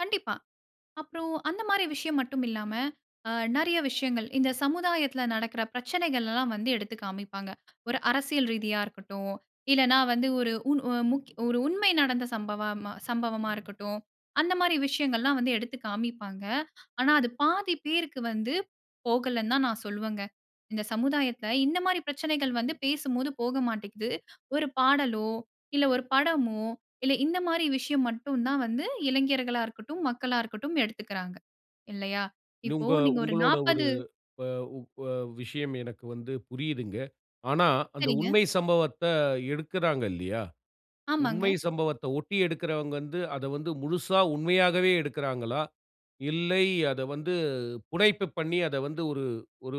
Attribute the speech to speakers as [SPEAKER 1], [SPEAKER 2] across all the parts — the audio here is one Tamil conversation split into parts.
[SPEAKER 1] கண்டிப்பா. அப்புறம் அந்த மாரி விஷயம் மட்டும் இல்லாம, அ நிறைய விஷயங்கள் இந்த சமுதாயத்தில நடக்கிற பிரச்சனைகள் எல்லாம் வந்து எடுத்து காமிப்பாங்க. ஒரு அரசியல் ரீதியா இருக்கட்டும், இல்லைன்னா வந்து ஒரு உண் ஒரு உண்மை நடந்த சம்பவ சம்பவமா இருக்கட்டும், அந்த மாரி விஷயங்கள்லாம் வந்து எடுத்து காமிப்பாங்க. ஆனா அது பாதி பேருக்கு வந்து போகலன்னு தான் நான் சொல்லுவேங்க. இந்த சமுதாயத்ல இந்த மாரி பிரச்சனைகள் வந்து பேசும்போது போக மாட்டிக்கிது. ஒரு பாடலோ, இல்லை ஒரு படமோ, இல்லை இந்த மாரி விஷயம் மட்டும் தான் வந்து, இளைஞர்களா இருக்கட்டும், மக்களா இருக்கட்டும் எடுத்துக்கிறாங்க. இல்லையா? இப்போ
[SPEAKER 2] உங்க
[SPEAKER 1] நீங்க ஒரு
[SPEAKER 2] உங்களோட ஒரு
[SPEAKER 1] 40
[SPEAKER 2] வ வ விஷயம் எனக்கு வந்து புரியுதுங்க. ஆனா அந்த
[SPEAKER 1] சரிங்க.
[SPEAKER 2] உண்மை சம்பவத்தை எடுக்குறாங்க இல்லையா? உண்மை
[SPEAKER 1] ஆமாங்க.
[SPEAKER 2] சம்பவத்தை ஒட்டி எடுக்கிறவங்க வந்து, அதை வந்து முழுசா உண்மையாகவே எடுக்குறாங்களா? இல்லை, அதை வந்து புனைப்பு பண்ணி, அதை வந்து ஒரு ஒரு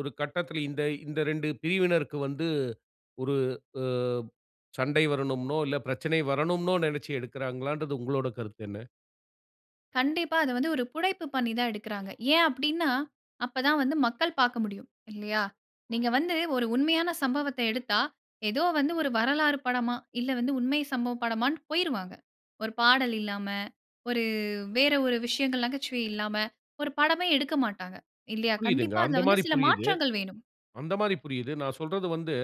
[SPEAKER 2] ஒரு கட்டத்துல இந்த இந்த இரண்டு பிரிவினருக்கு வந்து ஒரு அ சண்டை வரணும்னோ, இல்லை பிரச்சனை வரணும்னோ நினைச்சு எடுக்கிறாங்களான்றது, உங்களோட கருத்து என்ன?
[SPEAKER 1] கண்டிப்பா. அதை வந்து ஒரு புனைப்பு பண்ணி தான் எடுக்கிறாங்க. ஏன் அப்படின்னா, அப்ப தான் வந்து மக்கள் பார்க்க முடியும், இல்லையா? நீங்க வந்து ஒரு உண்மையான சம்பவத்தை எடுத்தா, ஏதோ வந்து ஒரு வரலாறு படமா, இல்லை வந்து உண்மை சம்பவ படமான்ட்டு போய்ருவாங்க. ஒரு பாடல் இல்லாம, ஒரு வேற ஒரு விஷயங்கள் நகைச்சுவை இல்லாம, ஒரு படமே எடுக்க மாட்டாங்க, இல்லையா?
[SPEAKER 2] புரியுதுங்க,
[SPEAKER 1] கண்டிப்பா, அதுல
[SPEAKER 2] அந்த
[SPEAKER 1] வந்து
[SPEAKER 2] மாரி
[SPEAKER 1] சில
[SPEAKER 2] புரியுது
[SPEAKER 1] மாற்றங்கள் வேணும்.
[SPEAKER 2] அந்த மாரி புரியுது. நான் சொல்றது வந்து,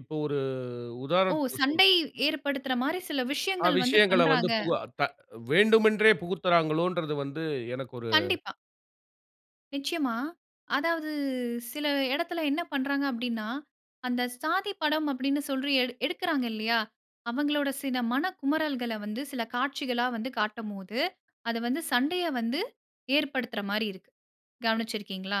[SPEAKER 2] இப்போது ஒரு
[SPEAKER 1] ஓ!
[SPEAKER 2] உதாரணத்துக்கு சொல்
[SPEAKER 1] சண்டை ஏற்படுத்துற மாரி சில
[SPEAKER 2] ஆ
[SPEAKER 1] விஷயங்கள் வந்து
[SPEAKER 2] விஷயங்களை வந்து
[SPEAKER 1] பண்றாங்க.
[SPEAKER 2] பு வ வேண்டுமென்றே புகுத்துறாங்களோன்றது வந்து எனக்கு ஒரு.
[SPEAKER 1] கண்டிப்பா. நிச்சயமா, அதாவது சில இடத்தில என்ன பண்றாங்க அப்டின்னா, அந்த சாதி படம் அப்டின்னு சொல்லி எடுக் எடுக்குறாங்க இல்லியா, அவங்களோட சில மனக்குமறல்கள வந்து சில காட்சிகளா வந்து காட்டும்போது, அது வந்து சண்டைய வந்து ஏற்படுத்துற மாரி இருக்கு. கவனிச்சுருக்கீங்களா?